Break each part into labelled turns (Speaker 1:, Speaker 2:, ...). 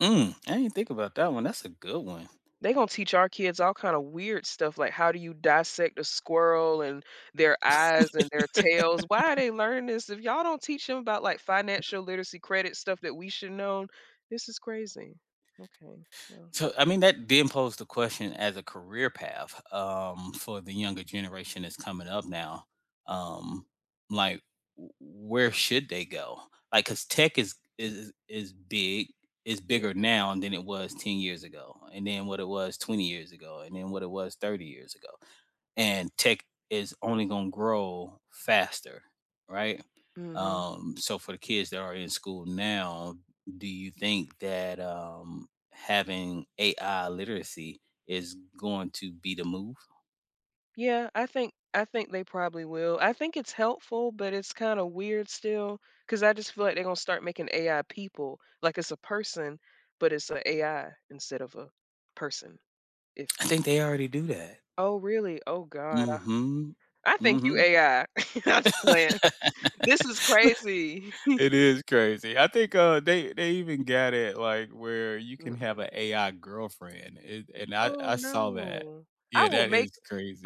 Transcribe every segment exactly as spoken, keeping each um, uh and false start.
Speaker 1: Mm, I didn't think about that one. That's a good one.
Speaker 2: They're gonna teach our kids all kinda weird stuff, like how do you dissect a squirrel and their eyes and their tails- why are they learning this? If y'all don't teach them about, like,
Speaker 1: E
Speaker 2: financial literacy, credit stuff that we should known? This is crazy. Okay, well
Speaker 1: So, I mean that then pose the question as a career path, um, for the younger generation that's coming up now, um, like, w where should they go? Like, cause tech is is is is big, is
Speaker 2: Ye
Speaker 1: bigger now than it was ten years ago, and then what it was twenty years ago, and then what it was thirty years ago and tech is only gonna grow faster, right?
Speaker 2: Mhm.
Speaker 1: Um, so for the kids that are in school now, do you think that, um, having AI literacy is going to be the move?
Speaker 2: Yeah, I think I think they probably will. I think it's helpful, but it's kinda weird still, 'cause I just feel like they're going to start making AI people like it's a person, but it's a AI instead of a person, if
Speaker 1: I think they already do that.
Speaker 2: Oh, really? Oh, god. Uh,
Speaker 1: Mhm,
Speaker 2: I think you
Speaker 1: mhm.
Speaker 2: AI. I'm just playing. This is crazy.
Speaker 1: It is crazy. I think, uh, they they even got it, like, where you can have
Speaker 2: Mm-mm.
Speaker 1: a AI girlfriend and and I
Speaker 2: Oh,
Speaker 1: I saw that.
Speaker 2: no. I
Speaker 1: Yeah,
Speaker 2: will
Speaker 1: that
Speaker 2: make
Speaker 1: is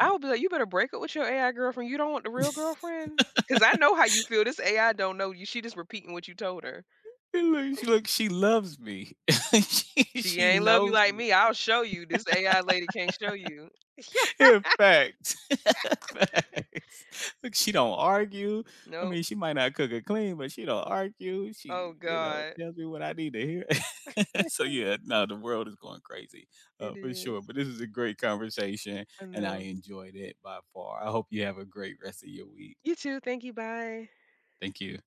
Speaker 2: I will be like, "You better break up with your AI girlfriend. You don't want the real girlfriend? 'Cause I know how you feel, this AI don't know you, she just repeating what you told her."
Speaker 1: And like, she like, she loves me, she
Speaker 2: "She
Speaker 1: she
Speaker 2: ain't love you
Speaker 1: knows
Speaker 2: like
Speaker 1: me.
Speaker 2: me. I'll show you. This AI lady can't show you." Yeah.
Speaker 1: And facts, facts. Look, she don't argue, I
Speaker 2: No.
Speaker 1: mean, she might not cook or clean, but she don't argue,
Speaker 2: Oh,
Speaker 1: she, you know,
Speaker 2: god.
Speaker 1: tells me what I need to hear So yeah, nah, the world is going crazy, uh,
Speaker 2: It
Speaker 1: for sure,
Speaker 2: is.
Speaker 1: but this is a great conversation
Speaker 2: I
Speaker 1: and I
Speaker 2: know.
Speaker 1: enjoyed it by far. I hope you have a great rest of your week.
Speaker 2: You, too. Thank you. Bye.
Speaker 1: Thank you.